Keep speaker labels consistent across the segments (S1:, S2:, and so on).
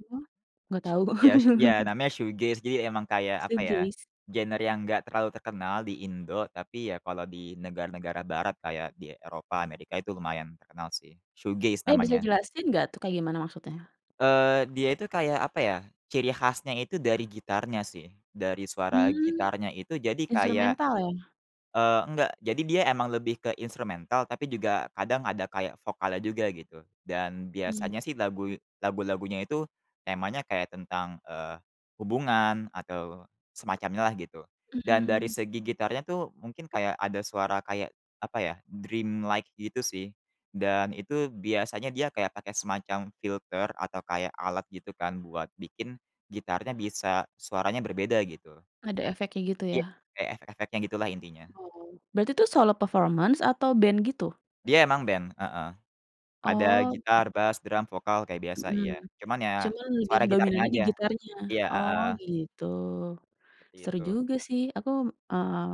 S1: Iya? Gak tau.
S2: Ya s ya namanya Shoegaze jadi emang kayak apa ya,
S1: Shoegaze.
S2: genre yang enggak terlalu terkenal di Indonesia tapi ya kalau di negara-negara barat kayak di Eropa, Amerika itu lumayan terkenal sih. Shoegaze
S1: Eh, bisa
S2: namanya.
S1: jelasin gak tuh kayak gimana maksudnya?
S2: Eee, dia itu kayak apa ya, ciri khasnya itu dari gitarnya sih, dari suara
S1: Hmm,
S2: gitarnya itu jadi kayak,
S1: Instrumental ya?
S2: eee, enggak, jadi dia emang lebih ke instrumental, tapi juga kadang ada kayak vokalnya juga gitu, dan
S1: Hmm.
S2: biasanya sih lagu lagu-lagunya itu temanya kayak tentang, eee, hubungan atau semacamnya lah gitu, dan dari
S1: Mmm.
S2: segi gitarnya tuh mungkin kayak ada suara kayak apa ya, dreamlike gitu sih, dan itu biasanya dia kayak pakai semacam filter atau kayak alat gitu kan buat bikin gitarnya bisa suaranya berbeda gitu.
S1: Ada efeknya gitu
S2: Iya
S1: ya.
S2: kayak efek-efeknya gitulah intinya.
S1: Oh berarti itu solo performance atau band gitu?
S2: Dia emang band, heeh, ada
S1: Oh.
S2: gitar, bass, drum, vokal kayak biasa,
S1: Mhm.
S2: iya, cuman ya,
S1: Cuman lebih
S2: suara gitarnya
S1: dominannya di
S2: aja,
S1: gitarnya.
S2: iya,
S1: Oh
S2: heeh.
S1: gitu. Seru
S2: Begitu.
S1: juga sih. Aku, eee,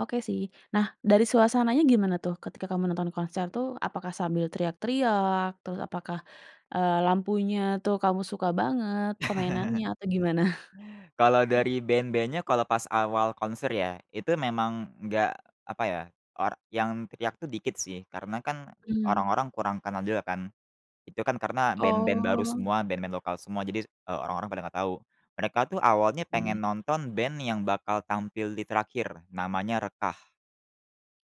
S1: oke sih. Nah dari suasananya gimana tuh ketika kamu nonton konser tuh apakah sambil teriak-teriak terus apakah, eee, lampunya tuh kamu suka banget permainannya atau gimana?
S2: Kalau dari band-bandnya kalau pas awal konser ya, itu memang enggak apa ya, or yang teriak tuh dikit sih karena kan,
S1: Hmm.
S2: orang-orang kurang kenal juga kan. Itu kan karena band-band baru
S1: Oh.
S2: semua, band-band lokal semua jadi, eee, orang-orang pada gak tahu. Mereka tuh awalnya pengen
S1: Oke.
S2: nonton band yang bakal tampil di terakhir, namanya Rekah.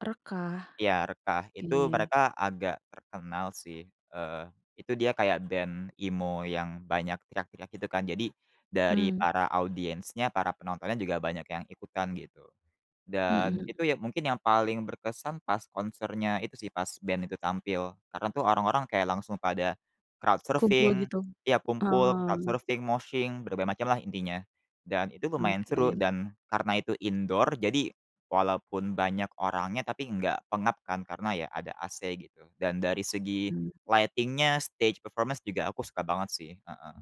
S1: Rekah.
S2: Ya, Rekah. Itu
S1: Iya.
S2: mereka agak terkenal sih, eee, itu dia kayak band emo yang banyak teriak-teriak gitu kan, jadi, dari
S1: Hmm.
S2: para audiensnya, para penontonnya juga banyak yang ikutan gitu. Dan
S1: Mhm.
S2: itu yang mungkin yang paling berkesan pas konsernya itu sih, pas band itu tampil, karena tuh orang-orang kayak langsung pada, crowd
S1: Kumpul
S2: surfing,
S1: gitu,
S2: tiap kumpul crowd
S1: oh.
S2: surfing, moshing, berbagai macam lah intinya. Dan itu lumayan seru
S1: Oke.
S2: dan karena itu indoor, jadi, walaupun banyak orangnya, tapi enggak pengap kan karena ya ada AC gitu. Dan dari segi
S1: Mhm.
S2: lighting-nya, stage performance juga aku suka banget sih. Heeh.